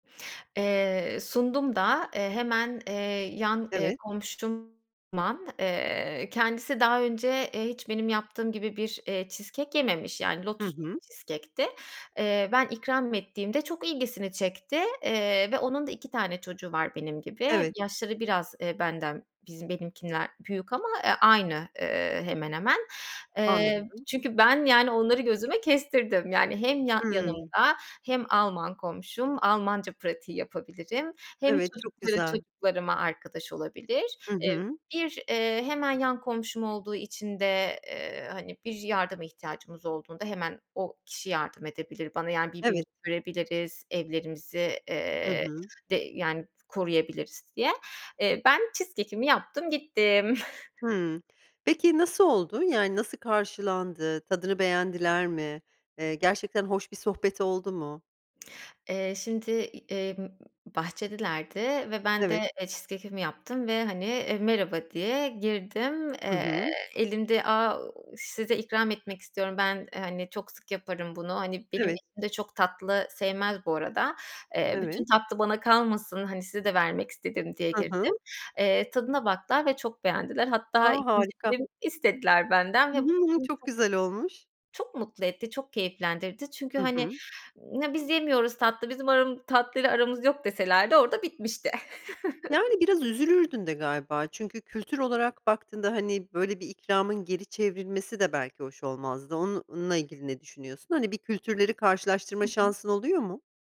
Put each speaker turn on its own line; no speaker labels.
Eee, sundum da. Eee, hemen, eee, yan, eee,
Evet.
komşum Alman. Eee, kendisi daha önce, eee, hiç benim yaptığım gibi bir, eee, cheesecake yememiş, yani,
Hı
lotuslu
hı.
bir cheesecake'ti. Eee, ben ikram ettiğimde, çok ilgisini çekti, eee, ve onun da 2 tane çocuğu var benim gibi.
Evet.
Yaşları biraz, eee, benden bizim benimkinden büyük ama, eee, aynı, eee, hemen hemen. Eee,
Anladım.
çünkü ben, yani, onları gözüme kestirdim. Yani, hem ya
Hımm.
yanımda hem Alman komşum, Almanca pratiği yapabilirim, hem
Evet, çok
çocukları
güzel.
çocuklarıma arkadaş olabilir.
Hı
Eee,
hı.
bir, eee, hemen yan komşum olduğu için de, eee, han,i bir yardıma ihtiyacımız olduğunda hemen o kişi yardım edebilir bana, yan,i birbirimizi
Evet.
görebiliriz, evlerimizi,
Hı
eee,
hı.
de yan,i koruyabiliriz diye. Eee, ben cheesecakeimi yaptım gittim.
Hımm. Peki, nasıl oldu yani nasıl karşılandı, tadını beğendiler mi? Eee, gerçekten hoş bir sohbet oldu mu?
Eee, şimdi, emm, bahçedelerdi ve ben de,
Evet.
eee, cheesecakeimi yaptım ve, hani, eee, "Merhaba." diye girdim.
Hı
Eee,
hı.
elimde, "Aaa, size ikram etmek istiyorum, ben, hani, çok sık yaparım bunu. -Hani, benim
Evet.
eşim de çok tatlı sevmez bu arada. Eee, bütün
Evet.
tatlı bana kalmasın, hani, size de vermek istedim." diye
Hı
girdim.
hı.
Eee, tadına baktılar ve çok beğendiler.
A,
Hatta ikinci
harika!
dilim istediler benden
I
ve bu
hı, hı,
beni
çok
çok
güzel olmuş.
çok mutlu etti, çok keyiflendirdi. Çünkü,
Hı
hani,
hı.
"Ya biz yemiyoruz tatlı, bizim aram tatlıyla aramız yok." deselerdi orada bitmişti.
Yani, biraz üzülürdün de galiba. Çünkü kültür olarak baktığında, hani, böyle bir ikramın geri çevrilmesi de belki hoş olmazdı. Onunla ilgili ne düşünüyorsun? Hani, bir kültürleri
Hı
karşılaştırma
hı.
şansın oluyor mu?